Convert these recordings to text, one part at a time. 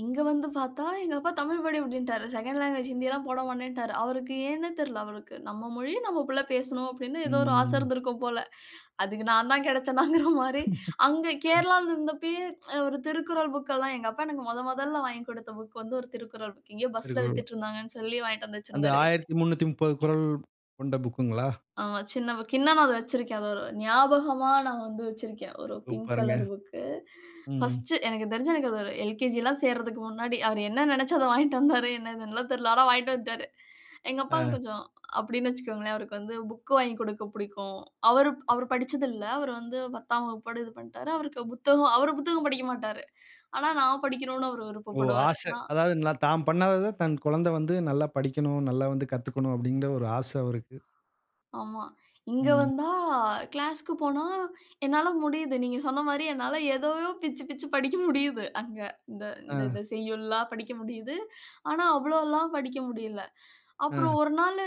இங்க வந்து பாத்தா எங்க அப்பா "தமிழ் படி" அப்டின்ட்டாரு. செகண்ட் லாங்குவேஜ் ஹிந்தி எல்லாம் போட மாட்டேன்ட்டாரு. அவருக்கு ஏன்னே தெரில அவருக்கு. "நம்ம மொழியை நம்ம பிள்ள பேசணும்" அப்டின்னு ஏதோ ஒரு ஆசை ம். இருந்திருக்கும் போல. அதுக்கு நான் தான் கிடைச்சேனாங்கிற மாரி. அங்க அத் கேரளால இருந்தப்பயும், ஒரு திருக்குறள் புக்ல்லாம், எங்க அப்பா எனக்கு மொத மொதல்ல வாங்கி குடுத்த புக் வந்து ஒரு திருக்குறள் புக். எங்கயோ பஸ்ல திருப்பியும். வித்துட்டு இருந்தாங்கன்னு சொல்லி வாங்யிட்டு வந்து அந்த வச்சிருந்தாரு வீட்ல. 1330 குறள் கொண்ட புக்குங்களா? ஆமா. சின்ன புக். இன்னும் நான் அத வச்சிருக்கேன். அத ஒரு ஞாபகமா நான் வந்து வச்சிருக்கேன். ஒரு பிங்க் சூப்பர்ங்க. Colour book. ம். பர்ஸ்ட் எனக்கு தெரிஞ்சு, எனக்கு அது ஒரு எல்.கே.ஜி எல்லாம் சேர்றதுக்கு முன்னாடி. அவர் என்ன நெனச்சு அத வாங்கிட்டு வந்தாரு. என்னன்னு எல்லா தெரில. ஆனா வாங்கிட்டு வந்துட்டாரு. எங்க அப்பாவ ஆ. கொஞ்சம் அப்டின்னு வச்சுக்கோங்களேன். அவருக்கு வந்து புக் வாங்கி குடுக்க புடிக்கும். அவரு அவர் படிச்சதில்ல. அவர் வந்து 10ஆம் வகுப்போட இது பண்ணிட்டாரு. அவருக்கு புத்தகம், அவரு புத்தகம் படிக்க மாட்டாரு. ஆனானு நான் படிக்கணும அவர் ஓ! விருப்பப்படுவாரு. ஆச. நா, அதாவது நான் தாம் பண்ணாதது, தன் கொழந்த வந்து நல்லா படிக்கணும், நல்லா வந்து கத்துக்கணும் அப்டிங்கிற ஒரு ஆச அவருக்கு. ஆமா. இங்க ம். வந்தா கிளாஸ்க்கு போனா என்னால முடியுது. நீங்க சொன்ன மாரி என்னால எதயோ பிச்சு பிச்சு படிக்க முடியுது. அங்க இந்த ஆ. இத செய்யுள்லாம் படிக்க முடியுது. ஆனா அவ்ளோல்லாம் படிக்க முடியல. அ. அப்புறம் ஒரு நாளு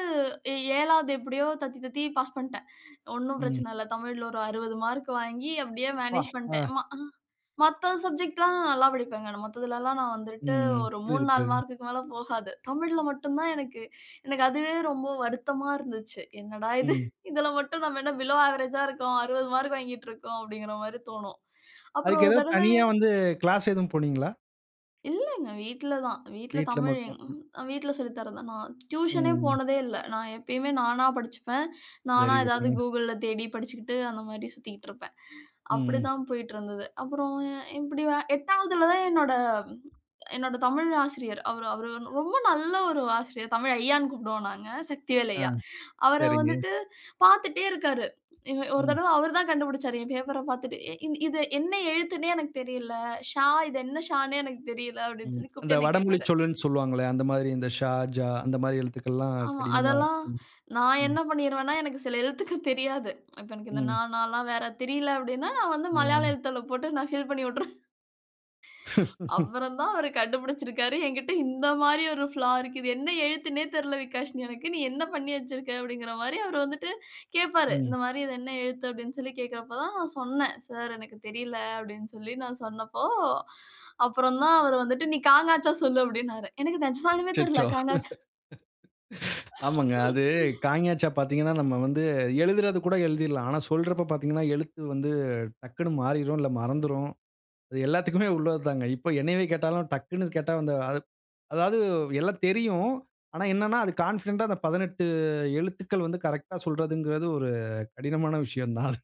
எ 7வது எப்டியோ தத்தி தத்தி பாஸ் பண்ட்டேன். ஒண்ணும் ம். பிரச்சன இல்ல. தமிழ்ல ஒரு 60 மார்க் வாங்கி அப்டியே ப்பா! மேனேஜ் பண்ட்டேன். ஆ. ம்மா. அ மத்த சப்ஜெக்ட்லாம் நல்லா படிப்பங்க. மத்ததிலல்லாம் நான் ம், வந்துட்டு ம். ஒரு மூணு, புரியுது, நாலு புரியுதுங்க. மார்க்க்கு மேல போகாது. தமிழ்ல மட்டும் தான் எனக்கு எனக்கு அதுவே ரொம்ப வருத்தமா இருந்துச்சு. என்னடா இது! ம். இதில மட்டும் நம்ம என்ன பிலோ அவரேஜ்ஜா இருக்கோம். 60 மார்க் வாங்கிட்டு இருக்கோம் அப்டிங்கிற மாரி தோணும். அப்புறம் அதுக்கு ஒரு ஏதாவது தடவ தனியா வந்து கிளாஸ் ஏதும் போனீங்களா? இல்லங்க வீட்ல தான். வீட்ல வீட்ல தமிழ், மட்டும். எங் ம். ம். வீட்ல சொல்லி தர்றது தான். நான் ம், டியூஷன்னே ம். போனதே இல்ல. நான் எப்பயுமே நானா படிச்சுப்பேன். நானா வெரி ஏதாவது குட்ங்க. Googleல தேடி படிச்சுக்கிட்டு அந்த மாரி சுத்திக்கிட்டு இருப்பேன். ம், ம். அப்டித்தான் போய்ட்டு இருந்தது. அப்புறம் எ எப்டியோ 8வதுல தான் என்னோட என்னோட தமிழ் ஆசிரியர். அவரு அவரு ரொம்ப நல்ல ஒரு ஆசிரியர். தமிழ் ஐயான்னு கூப்பிடுவோம் நாங்க. சக்திவேல் அ. ஐய்யா. அவர சரிங்க. வந்துட்டு பார்த்துட்டே இருக்காரு. இவ ஒரு ம். தரவ அவர் தான் கண்டுபிடிச்சாரு. என் பேப்பர்ர பாத்துட்டு. "இ இது இது என்ன எழுத்துன்னே எனக்கு தெரியல. ஷா, இது என்ன ஷான்னே எனக்குத் தெரியல" அப்டின்னு ம். சொல்லி அந்த கூப்ட்டு என்ன வடமொழிச் கேட்டாரு. சொல்ன்னு சொல்லுவாங்களே. அந்த மாதிரி இந்த ஷா, ஜா அந்த மாரி எழுத்துக்கள்லாம் ஆமா. கடினமா அதெல்லாம் ம், நான் ம். என்ன பண்ணீருவேன்னா எனக்கு சில எழுத்துக்கள் தெரியாது. இப்ப எனக்கு இந்த நா ம். நான்லாம் வேற தெரில அப்டின்னா, நான் வந்து மலையாள ஆமா. எழுத்தில போட்டு நான் ஃபில் பண்ணி வுட்டுருவேன். அப்புறம் தான் அவரு கண்டுபிடிச்சிருக்காரு. எங்கிட்ட இந்த மாரி ஒரு ஃபிளா இருக்கு. "இது என்ன எழுத்துன்னே தெரில விகாஷினி எனக்கு. நீ என்ன பண்ணி வச்சிருக்க?" அப்டிங்கிற மாரி அவர் வந்துட்டு கேப்பாரு. ம். இந்த மாரி இது என்ன எழுத்து அப்டின்னு சொல்லி கேக்கறப்போ தான் நான் சொன்னே. "சார் எனக்கு தெரில" அப்டின்னு சொல்லி நான் சொன்னப்போ, அப்புறம் தான் அவர் வந்துட்டு நீ க, ங, ச சொல்லு அப்டின்றாரு. எனக்கு நிஜமாலுமே தெரியல அச்சச்சோ! க, ங, ச. ஆமாங்க. அது க, ங, ச பார்த்தீங்கன்னா, நம்ம வந்து எழுதறது கூட எழுதீறலாம். ஆனா சொல்றப்ப பார்த்தீங்கன்னா, எழுத்து வந்து டக்குன்னு மாறிரும். இல்ல மறந்துரும். அது எல்லாத்துக்குமே உள்ளது தாங்க. இப்போ என்னையவே கேட்டாலும், டக்குன்னு கேட்டா, அந்த அதாவது எல்லா தெரியும். ஆனா என்னன்னா, அது கான்ஃபிடன்ட்டா அந்த 18 எழுத்துக்கள் வந்து கரெக்ட்டா சொல்றதுங்கறது ஒரு கடினமான விஷயந்தான் அது.